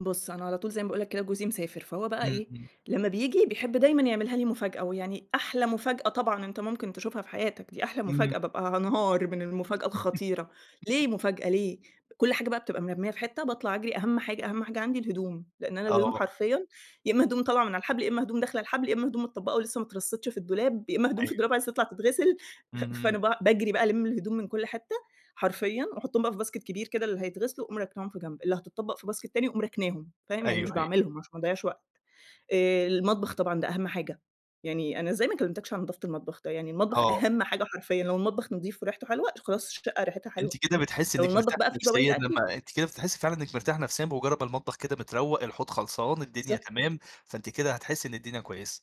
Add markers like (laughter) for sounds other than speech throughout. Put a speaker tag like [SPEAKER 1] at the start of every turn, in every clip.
[SPEAKER 1] بُصّ أنا على طول زي ما باقول لك كده جوزي مسافر، فهو بقى
[SPEAKER 2] إمم
[SPEAKER 1] إيه
[SPEAKER 2] إمم.
[SPEAKER 1] لمّا بييجي بيحب دايمًا يعملها لي مفاجأة، ويعني أحلى مفاجأة طبعًا أنت ممكن تشوفها في حياتك، دي أحلى
[SPEAKER 2] إمم.
[SPEAKER 1] مفاجأة بابقى هانهار من المفاجأة الخطيرة،
[SPEAKER 2] (laughs)
[SPEAKER 1] ليه مفاجأة، ليه؟ كُلّ حاجة بقى بتبقى مرمّية في حتة، باطلع أجري، أهم حاجة أهم حاجة عندي الهدوم، لأن أنا الهدوم
[SPEAKER 2] آه.
[SPEAKER 1] حرفيًا يا إما هدوم طالعة من الحبل، يا إما هدوم داخلة الحبل، يا إما هدوم متطبقة ولسه ما اترصيتش في الدولاب، يا إما هدوم
[SPEAKER 2] أيوه.
[SPEAKER 1] في الدولاب عايزة تطلع تتغسل، ف
[SPEAKER 2] اهم.
[SPEAKER 1] فأنا ب باجري بقى ألِمّ الهدوم من كُلّ حتة حرفيًا وأحطهم بقى في باسكت كبير كده اللي هيتغسلوا وأقوم راكناهم في جنب، اللي هتطبق في باسكت تاني وأقوم راكناهم، فاهم يعني
[SPEAKER 2] أيوه
[SPEAKER 1] مش
[SPEAKER 2] أيوه.
[SPEAKER 1] باعملهم عشان ما اضيعش وقت، آآ، المطبخ طبعًا ده أهم حاجة، يعني أنا إزاي ما كلمتكش عن نضافة المطبخ! ده يعني المطبخ
[SPEAKER 2] آه.
[SPEAKER 1] أهم حاجة حرفيًا لو المطبخ نضيف وريحته حلوة خلاص الشقة ريحتها
[SPEAKER 2] أنتِ
[SPEAKER 1] حلوة،
[SPEAKER 2] كده بتحسي
[SPEAKER 1] لو
[SPEAKER 2] إنك
[SPEAKER 1] المطبخ
[SPEAKER 2] مرتاحة
[SPEAKER 1] بقى فيه
[SPEAKER 2] نفسيًا،
[SPEAKER 1] بواقي أكْل
[SPEAKER 2] لمّا أنتِ كده بتحسي فعلًا إنك مرتاحة نفسيًا بمجرد ما المطبخ كده متروَّق، الحوض خلصان، الدنيا
[SPEAKER 1] بالضبط.
[SPEAKER 2] تمام، فأنتِ كده هتحسي إن الدنيا كويسة.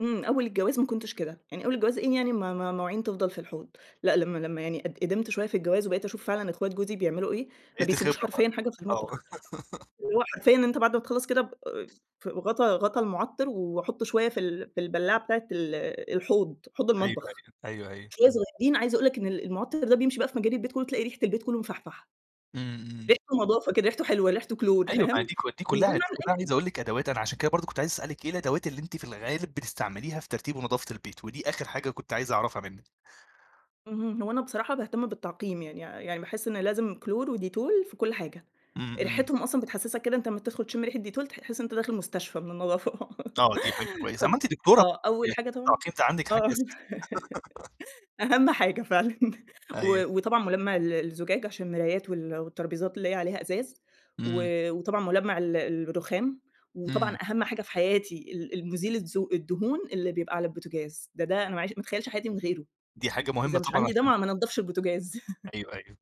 [SPEAKER 1] إمم، أول الجواز ما كنتش كده، يعني أول الجواز إيه يعني م م مواعين تفضل في الحوض؟ لأ، لمّا لمّا يعني قد قدمت شوية في الجواز وبقيت أشوف فعلًا أخوات جوزي بيعملوا إيه، ما
[SPEAKER 2] بقيتِ
[SPEAKER 1] بيسيبوش
[SPEAKER 2] خبرة بقى،
[SPEAKER 1] حرفيًا حاجة في
[SPEAKER 2] آه.
[SPEAKER 1] المطبخ،
[SPEAKER 2] (laughs)
[SPEAKER 1] وهو حرفيًا أنت بعد ما تخلّص كده ب آآ، في غطا غطا المعطِّر واحط شوية في ال في البلاعة بتاعة ال الحوض، حوض
[SPEAKER 2] أيوه
[SPEAKER 1] المطبخ،
[SPEAKER 2] أيوه، أيوه أيوه.
[SPEAKER 1] شوية صغيّرين، عايزة أقول لك إن ال المعطِّر ده بيمشي بقى في مجاري البيت كلّه تلاقي ريحة البيت كلّه مفحفحة.
[SPEAKER 2] إمم إمم.
[SPEAKER 1] ريحته نضافة كده ريحته حلوة ريحته كلور
[SPEAKER 2] أيوه ما
[SPEAKER 1] فاهم؟
[SPEAKER 2] دي كلّ دي
[SPEAKER 1] وده
[SPEAKER 2] كلّها
[SPEAKER 1] نوع
[SPEAKER 2] دي كلّها
[SPEAKER 1] من
[SPEAKER 2] عايز أقول لِك أدوات أنا عشان كده برضو كنت عايز أسألِك إيه الأدوات اللي أنتِ في الغالب بتستعمليها في ترتيب ونضافة البيت، ودي آخر حاجة كنت عايز أعرفها منِك؟
[SPEAKER 1] اهم، هو أنا بصراحة باهتم بالتعقييم يعني يعني باحس إن لازم كلور وديتول في كُلّ حاجة،
[SPEAKER 2] إمم إمم.
[SPEAKER 1] ريحتهم أصلًا بتحسسك كده أنت لمّا بتدخل تشم ريحة ديتول تح تحس أنت داخل مستشفى من النضافة،
[SPEAKER 2] آه دي حاجة
[SPEAKER 1] (laughs)
[SPEAKER 2] كويسة،
[SPEAKER 1] خت
[SPEAKER 2] أما أنتِ دكتورة
[SPEAKER 1] آه، أول حاجة
[SPEAKER 2] (unintelligible)
[SPEAKER 1] طبعًا
[SPEAKER 2] التعقيم ده عندِك حاجة
[SPEAKER 1] آه،
[SPEAKER 2] أساسية. (laughs)
[SPEAKER 1] (laughs) أهم حاجة فعلًا،
[SPEAKER 2] أيوه.
[SPEAKER 1] و وطبعًا ملمع ال الزجاج عشان المرايات وال والتربيزات اللي هي عليها إزاز،
[SPEAKER 2] إمم.
[SPEAKER 1] و وطبعًا ملمع ال الرخام،
[SPEAKER 2] إمم.
[SPEAKER 1] وطبعًا أهم حاجة في حياتي ال المُزيل الزو الدهون اللي بيبقى على البوتجاز، ده ده أنا ما اعي ما اتخيلش حياتي من غيره،
[SPEAKER 2] دي حاجة مهمة
[SPEAKER 1] إذا مش
[SPEAKER 2] طبعًا
[SPEAKER 1] عندي ده
[SPEAKER 2] عشان
[SPEAKER 1] ما ما انضفش البوتجاز. (laughs)
[SPEAKER 2] أيوه أيوه.